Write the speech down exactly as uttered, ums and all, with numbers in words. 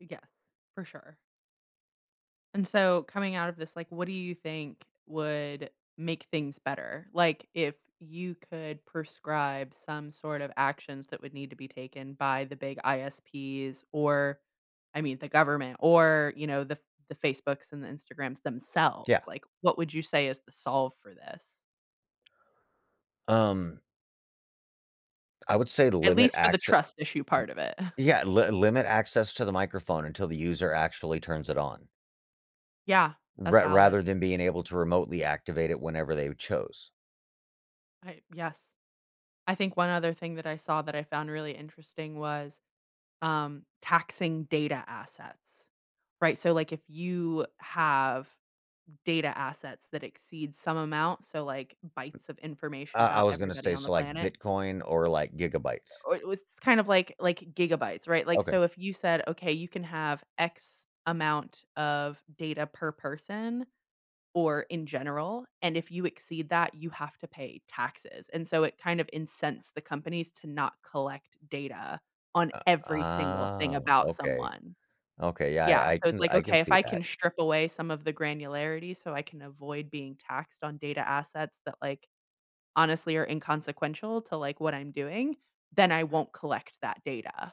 Yeah, for sure. And so, coming out of this, like, what do you think would make things better? Like, if you could prescribe some sort of actions that would need to be taken by the big I-S-Ps or, I mean, the government, or, you know, the the Facebooks and the Instagrams themselves, Yeah. like, what would you say is the solve for this? Um. I would say to At limit least for the acce an trust issue part of it. Yeah, l limit access to the microphone until the user actually turns it on. Yeah, that's R valid. rather than being able to remotely activate it whenever they chose. I yes, I think one other thing that I saw that I found really interesting was, um, taxing data assets. Right, so, like, if you have data assets that exceed some amount, so, like, U bytes of information uh, I about was gonna everybody say, on the so like planet. Bitcoin or like gigabytes. Or it was kind of like like gigabytes, right? Like, Okay. so if you said, okay, you can have X amount of data per person, or in general, and if you exceed that, you have to pay taxes, and so it kind of incensed the companies to not collect data on Uh, every single thing ah, about okay, someone. okay, yeah, Yeah, I I so it's can like, I can "Okay, if see I can that. strip away some of the granularity, so I can avoid being taxed on data assets that like, honestly are inconsequential to like what I'm doing, then I won't collect that data."